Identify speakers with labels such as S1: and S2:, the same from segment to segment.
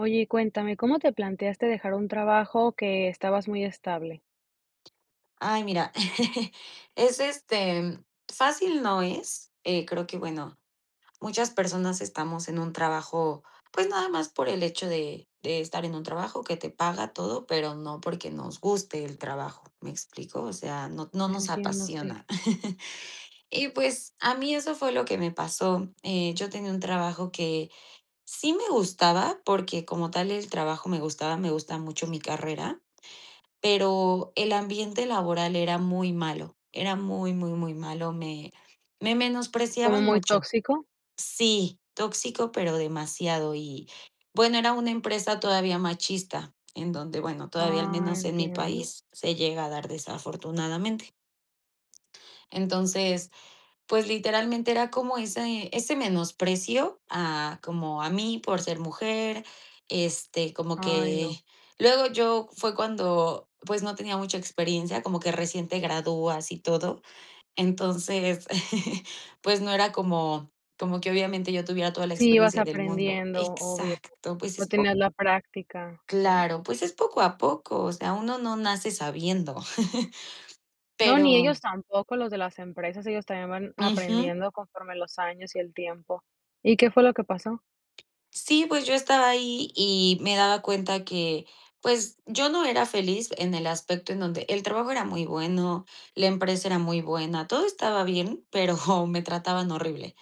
S1: Oye, y cuéntame, ¿cómo te planteaste dejar un trabajo que estabas muy estable?
S2: Ay, mira, es este fácil no es, eh, creo que, bueno, muchas personas estamos en un trabajo, pues, nada más por el hecho de de estar en un trabajo que te paga todo, pero no porque nos guste el trabajo, ¿me explico? O sea, no no nos
S1: Entiendo, sí.
S2: apasiona. Y, pues, a mí eso fue lo que me pasó. Eh, yo tenía un trabajo que sí me gustaba, porque como tal el trabajo me gustaba, me gusta mucho mi carrera, pero el ambiente laboral era muy malo, era muy, muy, muy malo, me me
S1: ¿Como
S2: menospreciaban
S1: muy
S2: mucho.
S1: tóxico?
S2: Sí, tóxico, pero demasiado y, bueno, era una empresa todavía machista, en donde, bueno, todavía al
S1: Ah,
S2: menos en mi
S1: entiendo.
S2: país se llega a dar, desafortunadamente. Entonces, pues, literalmente era como ese ese menosprecio a como a mí por ser mujer, este, como
S1: Ay, no.
S2: que luego yo fue cuando, pues, no tenía mucha experiencia, como que recién te gradúas y todo. Entonces, pues, no era como como que obviamente yo tuviera toda la
S1: Sí, vas
S2: experiencia del mundo.
S1: aprendiendo, obvio.
S2: Exacto, pues,
S1: No
S2: es po
S1: tienes la práctica, sí.
S2: Claro, pues es poco a poco, o sea, uno no nace sabiendo,
S1: No, ni
S2: pero
S1: ellos tampoco. Los de las empresas, ellos también van
S2: Ujú.
S1: aprendiendo conforme los años y el tiempo. ¿Y qué fue lo que pasó?
S2: Sí, pues, yo estaba ahí, y me daba cuenta que, pues, yo no era feliz, en el aspecto en donde el trabajo era muy bueno, la empresa era muy buena, todo estaba bien, pero hom me trataban horrible.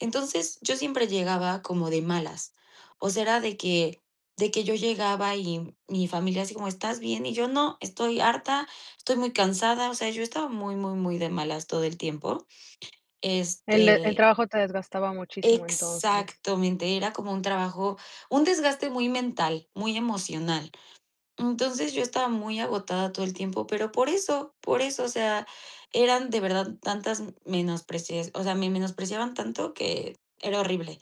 S2: Entonces, yo siempre llegaba como de malas, o sea, era de que de que yo llegaba, y mi familia así como: "¿Estás bien?". Y yo: "No, estoy harta, estoy muy cansada". O sea, yo estaba muy, muy, muy de malas todo el tiempo.
S1: El e el
S2: Este
S1: trabajo te desgastaba muchísimo entonces.
S2: Exactamente, era como un trabajo, un desgaste muy mental, muy emocional. Entonces, yo estaba muy agotada todo el tiempo, pero por eso, por eso, o sea, eran de verdad tantas m menosprecias o sea, me menospreciaban tanto que era horrible.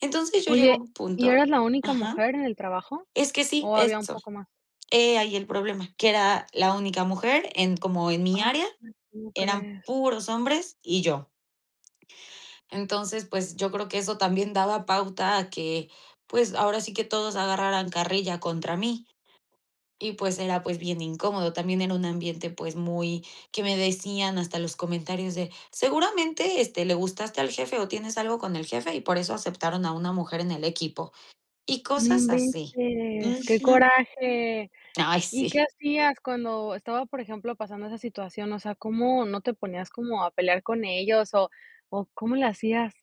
S2: Entonces, yo llego a
S1: Oye,
S2: un
S1: ¿y
S2: punto
S1: eras la única
S2: Ajá.
S1: mujer en el trabajo,
S2: Es que sí,
S1: o, había un
S2: eso.
S1: poco más?
S2: He ahí el problema, que era la única mujer en como en mi
S1: [unintelligible]
S2: área,
S1: ¿Cómo
S2: eran
S1: crees?
S2: puros hombres y yo. Entonces, pues, yo creo que eso también daba pauta a que, pues, ahora sí que todos agarraran carrilla contra mí. Y, pues, era, pues, bien incómodo. También era un ambiente, pues, muy que me decían hasta los comentarios de: "Seguramente, este, le gustaste al jefe, o, tienes algo con el jefe, y por eso aceptaron a una mujer en el equipo". Y
S1: No
S2: cosas así.
S1: inventes. Qué
S2: Ujú.
S1: coraje.
S2: Ay
S1: ¿Y
S2: sí.
S1: qué hacías cuando estaba, por ejemplo, pasando esa situación? O sea, ¿cómo no te ponías como a pelear con ellos, o cómo le hacías?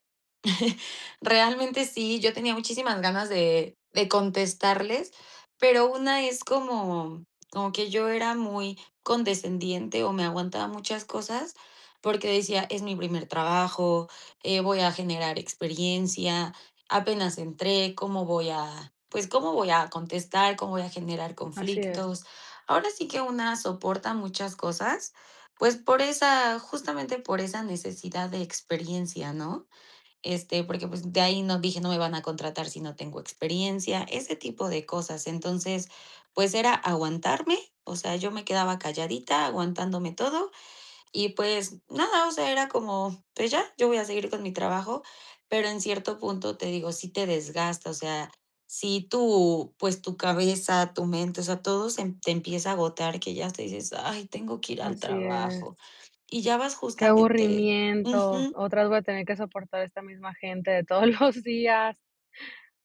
S2: Realmente, sí, yo tenía muchísimas ganas de de contestarles, pero una es como como que yo era muy condescendiente, o me aguantaba muchas cosas, porque decía: "Es mi primer trabajo, eh, voy a generar experiencia, apenas entré, ¿cómo voy a pues, cómo voy a contestar, cómo voy a generar
S1: Así es.
S2: conflictos?". Ahora sí que una soporta muchas cosas, pues, por esa justamente por esa necesidad de experiencia, ¿no? Este, porque, pues, de ahí no dije: "No me van a contratar si no tengo experiencia", ese tipo de cosas. Entonces, pues, era aguantarme, o sea, yo me quedaba calladita, aguantándome todo y, pues, nada, o sea, era como: "Pues ya, yo voy a seguir con mi trabajo", pero en cierto punto, te digo, sí te desgasta, o sea, si tú, pues tu cabeza, tu mente, o sea, todo se te empieza a agotar, que ya hasta dices: "Ay, tengo que ir al
S1: Así es.
S2: trabajo", y ya vas
S1: Qué
S2: justamente
S1: aburrimiento,
S2: Ujú.
S1: otra vez voy a tener que soportar esta misma gente de todos los días.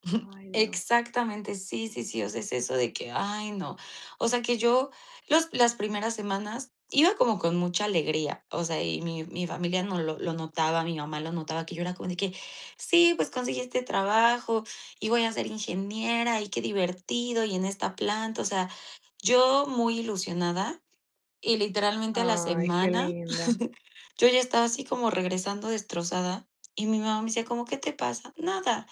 S1: Ay, Dios.
S2: Exactamente, sí, sí, sí, o sea, es eso de que: "Ay no". O sea, que yo los las primeras semanas iba como con mucha alegría, o sea, y mi mi familia no lo lo notaba, mi mamá lo notaba, que yo era como de que: "Sí, pues conseguí este trabajo, y voy a ser ingeniera, y qué divertido, y en esta planta". O sea, yo muy ilusionada, y literalmente a la
S1: Ay, qué
S2: semana,
S1: linda.
S2: yo ya estaba así como regresando destrozada, y mi mamá me decía: "¿Cómo qué te pasa?"." Nada",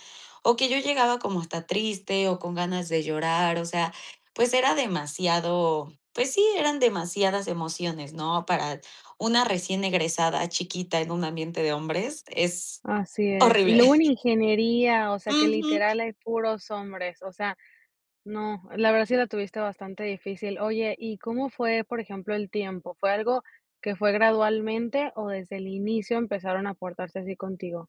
S2: o que yo llegaba como hasta triste, o con ganas de llorar, o sea, pues, era demasiado, pues sí, eran demasiadas emociones, ¿no? Para una recién egresada chiquita en un ambiente de hombres, es
S1: Así es, y
S2: horrible.
S1: luego en ingeniería, o sea, que
S2: Ujú.
S1: literal hay puros hombres, o sea, no, la verdad sí la tuviste bastante difícil. Oye y, ¿cómo fue por ejemplo el tiempo? ¿Fue algo que fue gradualmente, o, desde el inicio empezaron a portarse así contigo?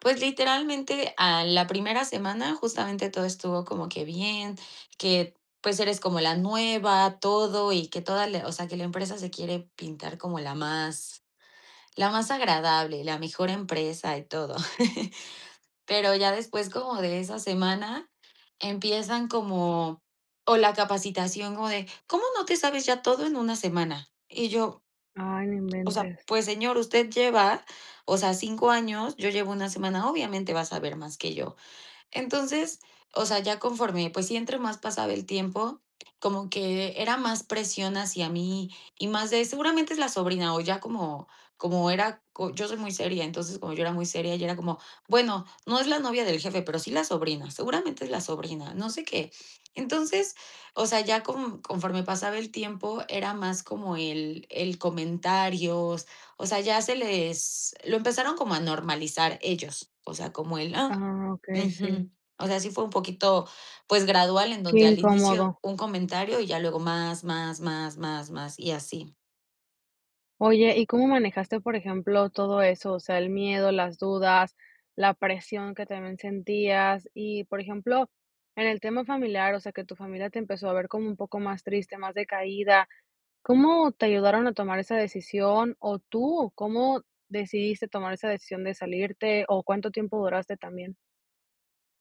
S2: Pues, literalmente, a la primera semana, justamente todo estuvo como que bien, que, pues, eres como la nueva, todo, y que toda la o sea, que la empresa se quiere pintar como la más, la más agradable, la mejor empresa y todo. Pero ya después, como de esa semana, empiezan como o la capacitación como de: "¿Cómo no te sabes ya todo en una semana?". Y yo
S1: Ay, no
S2: o sea,
S1: inventes.
S2: pues, señor, usted lleva, o sea, 5 años, yo llevo una semana; obviamente, va a saber más que yo. Entonces, o sea, ya conforme, pues, sí, entre más pasaba el tiempo, como que era más presión hacia mí, y más de: "Seguramente es la sobrina". O ya como como era yo soy muy seria, entonces, como yo era muy seria, ya era como: "Bueno, no es la novia del jefe, pero sí la sobrina, seguramente es la sobrina, no sé qué". Entonces, o sea, ya co conforme pasaba el tiempo, era más como el el comentario, o sea, ya se les lo empezaron como a normalizar ellos, o sea, como el: "Ah.
S1: Ah, okey, sí.
S2: Ujú". O sea, sí fue un poquito, pues, gradual, en
S1: Qué
S2: donde al inicio
S1: incómodo.
S2: un comentario. Y ya luego más, más, más, más, más, y así.
S1: Oye, ¿y cómo manejaste, por ejemplo, todo eso? O sea, el miedo, las dudas, la presión que también sentías y, por ejemplo, en el tema familiar, o sea, que tu familia te empezó a ver como un poco más triste, más decaída. ¿Cómo te ayudaron a tomar esa decisión? ¿O tú o cómo decidiste tomar esa decisión de salirte, o, cuánto tiempo duraste también?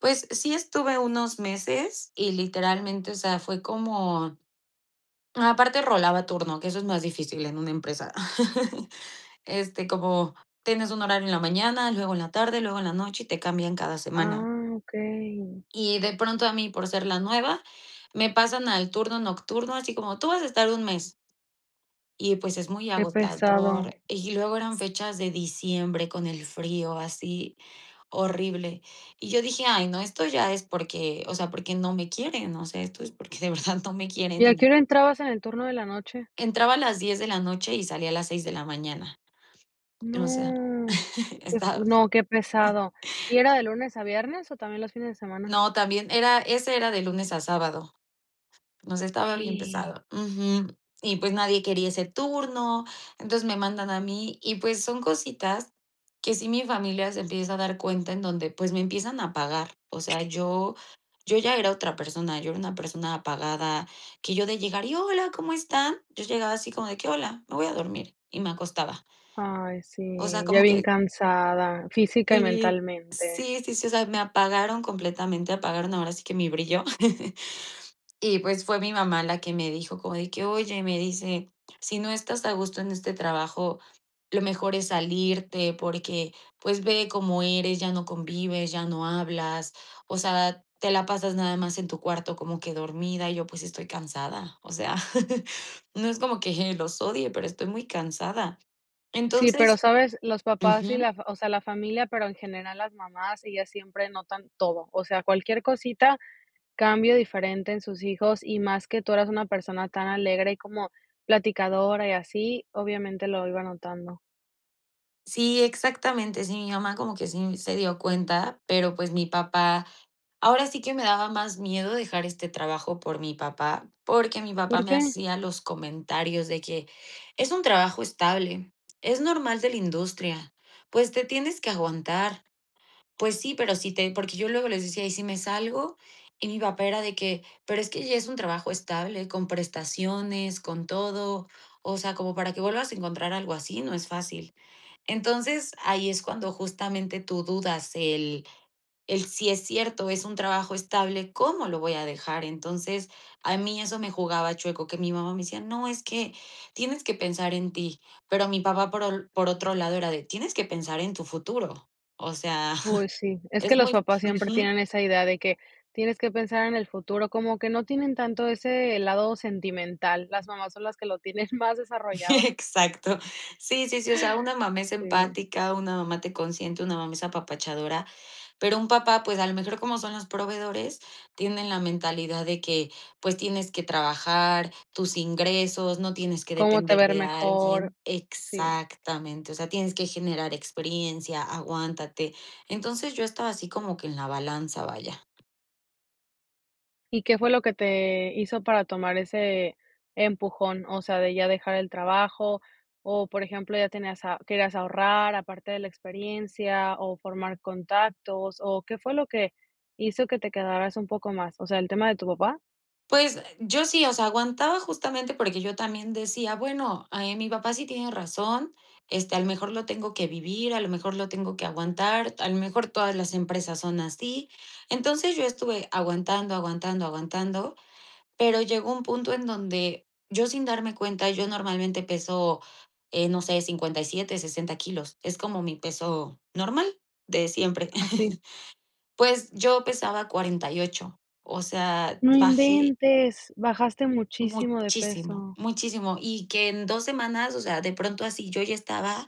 S2: Pues, sí estuve unos meses y literalmente, o sea, fue como aparte rolaba turno, que eso es más difícil en una empresa. Este, como tienes un horario en la mañana, luego en la tarde, luego en la noche, y te cambian cada semana.
S1: Ah, okey.
S2: Y de pronto a mí, por ser la nueva, me pasan al turno nocturno, así como: "Tú vas a estar un mes" y, pues, es muy
S1: Qué pesado.
S2: agotador. Y luego eran fechas de diciembre con el frío, así horrible. Y yo dije: "Ay, no, esto ya es porque, o sea, porque no me quieren, no sé, esto es porque de verdad no me quieren".
S1: ¿Y a qué hora entrabas en el turno de la noche?
S2: Entraba a las 10 de la noche y salía a las 6 de la mañana o sea.
S1: No, qué fu
S2: Estaba
S1: no, qué pesado. ¿Y era de lunes a viernes, o, también los fines de semana?
S2: No, también era ese era de lunes a sábado. Nos estaba bien pesado. Ujú. Y, pues, nadie quería ese turno. Entonces, me mandan a mí, y pues, son cositas que si mi familia se empieza a dar cuenta, en donde, pues, me empiezan a apagar. O sea, yo yo ya era otra persona, yo era una persona apagada que yo de llegar: "Y hola, ¿cómo están?" Yo llegaba así como de que: "Hola, me voy a dormir". Y me acostaba.
S1: Ay,
S2: O sea,
S1: sí, ya
S2: como
S1: bien
S2: que
S1: cansada física y
S2: Sí,
S1: mentalmente.
S2: sí, sí, sí, o sea, me apagaron completamente, apagaron ahora sí que mi brillo. Y, pues, fue mi mamá la que me dijo, como de que: "Oye", me dice: "Si no estás a gusto en este trabajo, lo mejor es salirte porque, pues, ve cómo eres, ya no convives, ya no hablas, o sea, te la pasas nada más en tu cuarto como que dormida". Y yo: "Pues estoy cansada." O sea, no es como que los odie, pero estoy muy cansada.
S1: Sí, ¿pero
S2: Entonces
S1: sabes? Los papás y
S2: Ujú.
S1: la f o sea, la familia, pero en general las mamás, ellas siempre notan todo, o sea, cualquier cosita cambio diferente en sus hijos, y más que tú eras una persona tan alegre, y como platicadora y así, obviamente lo iba notando.
S2: Sí, exactamente, sí, mi mamá como que sí se dio cuenta, pero, pues, mi papá ahora sí que me daba más miedo dejar este trabajo por mi papá, porque mi papá
S1: ¿Por
S2: me
S1: qué?
S2: hacía los comentarios de que: "Es un trabajo estable, es normal de la industria. Pues, te tienes que aguantar". Pues sí, pero si te porque yo luego les decía: "¿Y si me salgo?". Y mi papá era de que: "Pero es que ya es un trabajo estable, con prestaciones, con todo. O sea, como para que vuelvas a encontrar algo así, no es fácil". Entonces, ahí es cuando justamente tú dudas el el, sí es cierto, es un trabajo estable, ¿cómo lo voy a dejar? Entonces, a mí eso me jugaba chueco, que mi mamá me decía: "No, es que tienes que pensar en ti". Pero mi papá, por por otro lado, era de: "Tienes que pensar en tu futuro". O sea,
S1: Pues sí, es que
S2: es
S1: los
S2: muy
S1: papás siempre
S2: Ujú.
S1: tienen esa idea de que tienes que pensar en el futuro, como que no tienen tanto ese lado sentimental, las mamás son las que lo tienen más desarrollado.
S2: Exacto. Sí, sí, sí, o sea, una mamá es
S1: Sí.
S2: empática, una mamá te consiente, una mamá es apapachadora, pero un papá, pues, a lo mejor como son los proveedores, tienen la mentalidad de que: "Pues, tienes que trabajar, tus ingresos no tienes que
S1: Como te va
S2: depender
S1: a ir
S2: de
S1: mejor
S2: alguien".
S1: Sí.
S2: Exactamente, o sea: "Tienes que generar experiencia, aguántate." Entonces, yo estaba así como que en la balanza, vaya.
S1: ¿Y qué fue lo que te hizo para tomar ese empujón? O sea, de ya dejar el trabajo, o, por ejemplo: ¿Ya tenías a querías ahorrar aparte de la experiencia?, ¿o formar contactos? ¿O qué fue lo que hizo que te quedaras un poco más, o sea, el tema de tu papá?
S2: Pues, yo sí, o sea, aguantaba justamente porque yo también decía: "Bueno, ahí mi papá sí tiene razón, este, a lo mejor lo tengo que vivir, a lo mejor lo tengo que aguantar, a lo mejor todas las empresas son así". Entonces, yo estuve aguantando, aguantando, aguantando, pero llegó un punto en donde yo sin darme cuenta, yo normalmente peso, eh, no sé, 57, 60 kilos, es como mi peso normal de siempre.
S1: Así.
S2: Pues, yo pesaba 48, o sea,
S1: No
S2: bajé
S1: inventes, bajaste muchísimo de
S2: muchísimo,
S1: peso.
S2: muchísimo y que en 2 semanas, o sea, de pronto así yo ya estaba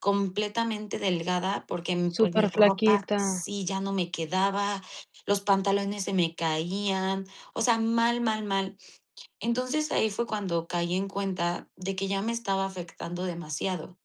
S2: completamente delgada porque, pues, mi
S1: Súper
S2: ropa
S1: flaquita.
S2: sí ya no me quedaba, los pantalones se me caían, o sea, mal, mal, mal. Entonces, ahí fue cuando caí en cuenta de que ya me estaba afectando demasiado.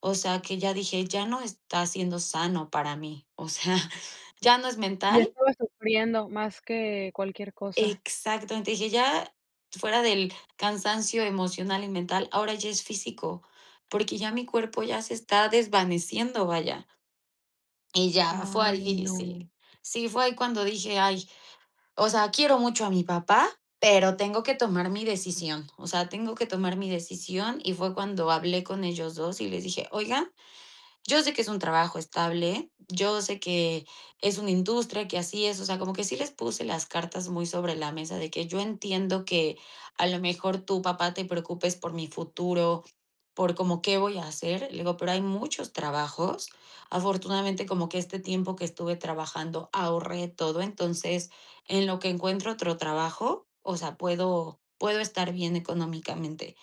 S2: O sea, que ya dije: "Ya no está siendo sano para mí, o sea, ya no es
S1: Ya
S2: mental".
S1: estabas sufriendo más que cualquier cosa.
S2: Exacto, entonces dije: "Ya fuera del cansancio emocional y mental, ahora ya es físico, porque ya mi cuerpo ya se está desvaneciendo", vaya. Y ya, fue
S1: Ay,
S2: ahí,
S1: no.
S2: sí, sí, fue ahí cuando dije: "Ay, o sea, quiero mucho a mi papá, pero tengo que tomar mi decisión, o sea, tengo que tomar mi decisión". Y fue cuando hablé con ellos 2, y les dije: "Oigan, yo sé que es un trabajo estable, yo sé que es una industria que así es", o sea, como que sí les puse las cartas muy sobre la mesa de que: "Yo entiendo que a lo mejor tú papá, te preocupes por mi futuro, por como qué voy a hacer". Le digo: "Pero hay muchos trabajos. Afortunadamente, como que este tiempo que estuve trabajando ahorré todo, entonces, en lo que encuentro otro trabajo, o sea, puedo puedo estar bien económicamente".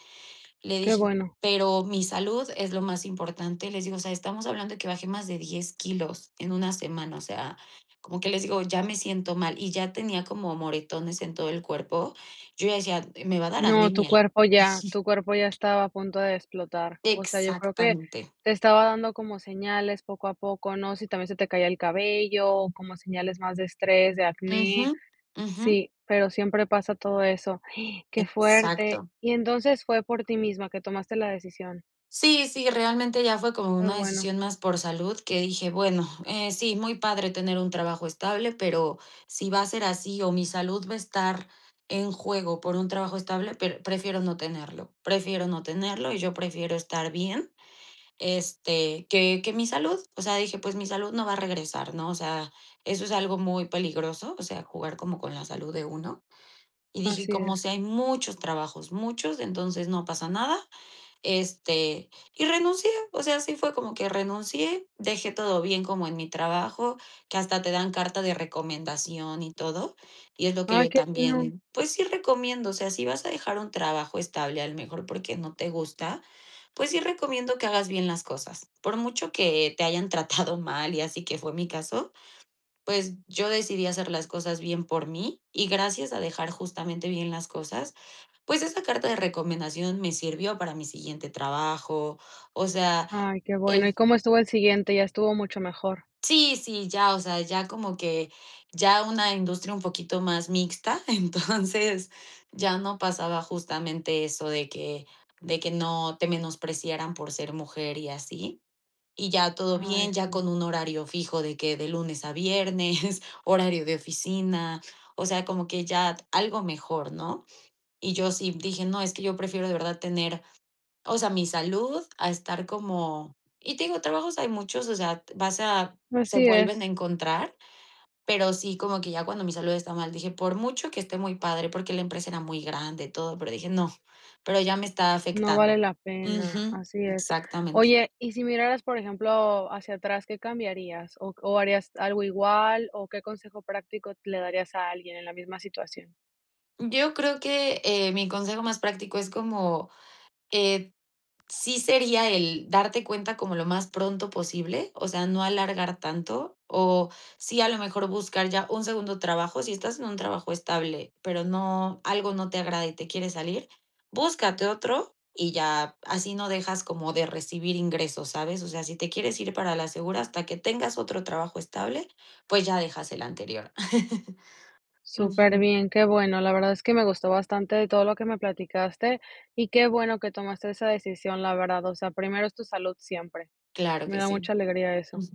S2: Le
S1: Qué
S2: dije:
S1: bueno.
S2: "Pero mi salud es lo más importante", les digo: "O sea, estamos hablando de que baje más de 10 kilos en una semana", o sea, como que les digo: "Ya me siento mal". Y ya tenía como moretones en todo el cuerpo. Yo decía: "Me va a dar
S1: No, tu
S2: anemia".
S1: cuerpo ya
S2: Ujú.
S1: tu cuerpo ya estaba a punto de explotar. O sea, yo creo que
S2: Exactamente.
S1: te estaba dando como señales poco a poco, ¿no? Si también se te caía el cabello, como señales más de estrés, de acné.
S2: Ujú, ujú.
S1: Sí, pero siempre pasa todo eso. Qué fuerte.
S2: Exacto.
S1: Y entonces fue por ti misma que tomaste la decisión.
S2: Sí, sí, realmente ya fue como
S1: Qué
S2: una
S1: bueno.
S2: decisión más por salud que dije: "Bueno, eh, sí, muy padre tener un trabajo estable, pero si va a ser así, o mi salud va a estar en juego por un trabajo estable, pr prefiero no tenerlo". Prefiero no tenerlo, y yo prefiero estar bien, este, que que mi salud, o sea, dije: "Pues, mi salud no va a regresar", ¿no? O sea, eso es algo muy peligroso, o sea, jugar como con la salud de uno. Y dije: "Y
S1: Así
S2: como
S1: es.
S2: sea, hay muchos trabajos, muchos, entonces no pasa nada". Este, y renuncié, o sea, así fue como que renuncié, dejé todo bien como en mi trabajo, que hasta te dan carta de recomendación y todo, y es lo que
S1: Ay
S2: yo
S1: qué bueno.
S2: también, pues sí recomiendo, o sea, si vas a dejar un trabajo estable, a lo mejor porque no te gusta, pues sí recomiendo que hagas bien las cosas. Por mucho que te hayan tratado mal, y así que fue mi caso, pues yo decidí hacer las cosas bien por mí, y gracias a dejar justamente bien las cosas, pues esa carta de recomendación me sirvió para mi siguiente trabajo, o sea,
S1: Ay, qué bueno.
S2: el
S1: ¿Y cómo estuvo el siguiente? Ya estuvo mucho mejor.
S2: Sí, sí, ya, o sea, ya como que ya una industria un poquito más mixta, entonces ya no pasaba justamente eso de que de que no te menospreciaran por ser mujer y así. Y ya todo
S1: Ay,
S2: bien, ya
S1: sí.
S2: con un horario fijo de que de lunes a viernes, horario de oficina, o sea, como que ya algo mejor, ¿no? Y yo sí dije: "No, es que yo prefiero de verdad tener, o sea, mi salud a estar como". Y te digo, trabajos hay muchos, o sea, vas a se
S1: Así
S2: vuelven a
S1: es.
S2: encontrar, pero sí como que ya cuando mi salud está mal, dije: "Por mucho que esté muy padre". Porque la empresa era muy grande y todo, pero dije: "No". Pero ya me estaba
S1: No vale
S2: afectando.
S1: la pena,
S2: Ujú.
S1: así es.
S2: Exactamente.
S1: Oye y si miraras, por ejemplo, hacia atrás. ¿Qué cambiarías, o o, harías algo igual? ¿O qué consejo práctico le darías a alguien en la misma situación?
S2: Yo creo que, eh, mi consejo más práctico es como, eh, sí sería el darte cuenta como lo más pronto posible, o sea, no alargar tanto, o sí, a lo mejor, buscar ya un segundo trabajo, si estás en un trabajo estable, pero no, algo no te agrada y te quiere salir, búscate otro y ya, así no dejas como de recibir ingresos, ¿sabes? O sea, si te quieres ir para la segura hasta que tengas otro trabajo estable, pues, ya dejas el anterior.
S1: Súper
S2: Ujú.
S1: bien, qué bueno. La verdad es que me gustó bastante todo lo que me platicaste, y qué bueno que tomaste esa decisión, la verdad. O sea, primero es tu salud siempre.
S2: Claro
S1: Me
S2: que
S1: da
S2: sí.
S1: mucha alegría eso.
S2: Ujú.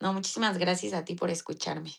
S2: No, muchísimas gracias a ti por escucharme.